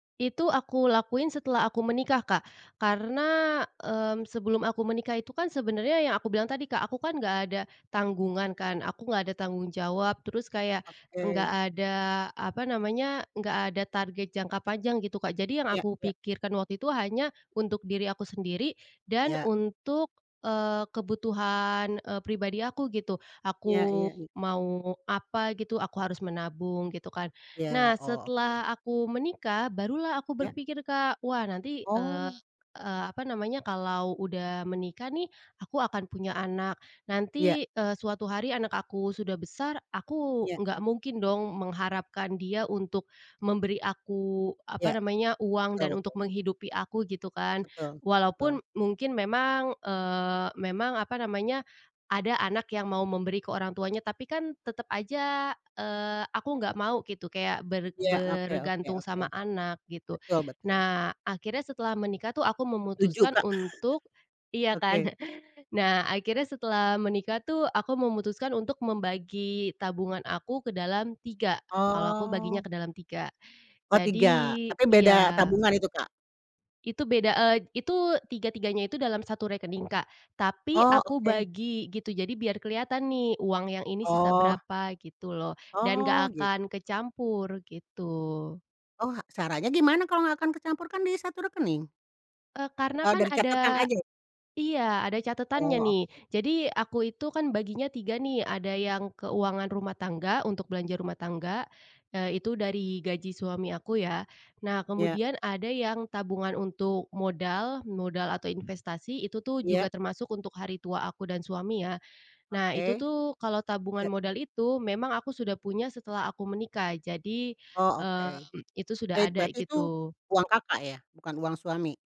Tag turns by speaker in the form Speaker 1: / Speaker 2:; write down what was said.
Speaker 1: Itu aku lakuin setelah aku menikah, Kak. Karena, mmm, sebelum aku menikah itu kan sebenarnya yang aku bilang tadi, Kak, aku kan nggak ada tanggungan kan, aku nggak ada tanggung jawab terus kayak nggak
Speaker 2: Oke.
Speaker 1: ada, apa namanya, enggak ada target jangka panjang gitu, Kak, jadi yang
Speaker 2: Iya
Speaker 1: aku
Speaker 2: iya.
Speaker 1: pikirkan waktu itu hanya untuk diri aku sendiri dan
Speaker 2: Iya.
Speaker 1: untuk, eee, kebutuhan, eee, pribadi aku gitu.
Speaker 2: Iya
Speaker 1: Aku
Speaker 2: iya iya.
Speaker 1: mau apa gitu, aku harus menabung gitu kan. Nah,
Speaker 2: Iya, oke.
Speaker 1: setelah aku menikah barulah aku
Speaker 2: Iya.
Speaker 1: berpikir, Kak, wah nanti, eee,
Speaker 2: Oh.
Speaker 1: apa namanya, kalau udah menikah nih, aku akan punya anak,
Speaker 2: Iya.
Speaker 1: nanti, eee, suatu hari anak aku sudah besar aku
Speaker 2: Iya.
Speaker 1: nggak mungkin dong mengharapkan dia untuk memberi aku, apa
Speaker 2: Iya,
Speaker 1: namanya, uang
Speaker 2: betul
Speaker 1: dan untuk
Speaker 2: betul.
Speaker 1: menghidupi aku gitu kan.
Speaker 2: Betul, betul.
Speaker 1: Walaupun mungkin memang, eee, memang apa namanya, ada anak yang mau memberi ke orang tuanya tapi kan tetep aja, eee, aku nggak mau gitu kayak ber
Speaker 2: Iya, oke oke
Speaker 1: bergantung
Speaker 2: oke.
Speaker 1: sama anak gitu.
Speaker 2: Betul betul.
Speaker 1: Nah, akhirnya setelah menikah tuh aku
Speaker 2: Setuju,
Speaker 1: memutuskan
Speaker 2: Kak.
Speaker 1: untuk iya kan.
Speaker 2: Oke.
Speaker 1: Nah, akhirnya setelah menikah tuh aku memutuskan untuk membagi tabungan aku ke dalam 3, kalau aku baginya
Speaker 2: Oh.
Speaker 1: ke dalam 3.
Speaker 2: Oh,
Speaker 1: Jadi
Speaker 2: 3 tapi beda
Speaker 1: iya.
Speaker 2: tabungan itu, Kak?
Speaker 1: Itu beda, eee, itu tiga-tiganya itu dalam 1 rekening, Kak. Tapi
Speaker 2: Oh,
Speaker 1: aku
Speaker 2: oke.
Speaker 1: bagi gitu, jadi biar kelihatan nih uang yang ini sisa
Speaker 2: Oh.
Speaker 1: berapa gitu loh dan
Speaker 2: Oh,
Speaker 1: gak
Speaker 2: gitu.
Speaker 1: akan kecampur, gitu.
Speaker 2: Oh, ha caranya gimana kalau gak akan kecampur, kan di 1 rekening?
Speaker 1: Eee, karena
Speaker 2: Eee,
Speaker 1: kan
Speaker 2: dari catatan
Speaker 1: ada
Speaker 2: aja ya?
Speaker 1: iya ada catatannya
Speaker 2: Oh,
Speaker 1: nih.
Speaker 2: oke.
Speaker 1: Jadi aku itu kan baginya 3, nih ada yang keuangan rumah tangga untuk belanja rumah tangga, nah itu dari gaji suami aku ya. Nah,
Speaker 2: Iya.
Speaker 1: kemudian ada yang tabungan untuk modal, modal atau investasi itu tuh juga
Speaker 2: Iya.
Speaker 1: termasuk untuk hari tua aku dan suami ya. Nah, itu
Speaker 2: Oke.
Speaker 1: tuh kalau tabungan
Speaker 2: Iya.
Speaker 1: modal itu memang aku sudah punya setelah aku menikah, jadi,
Speaker 2: Oh oke,
Speaker 1: eee, itu sudah
Speaker 2: eee,
Speaker 1: ada
Speaker 2: berarti itu
Speaker 1: gitu.
Speaker 2: uang Kakak ya, bukan uang suami?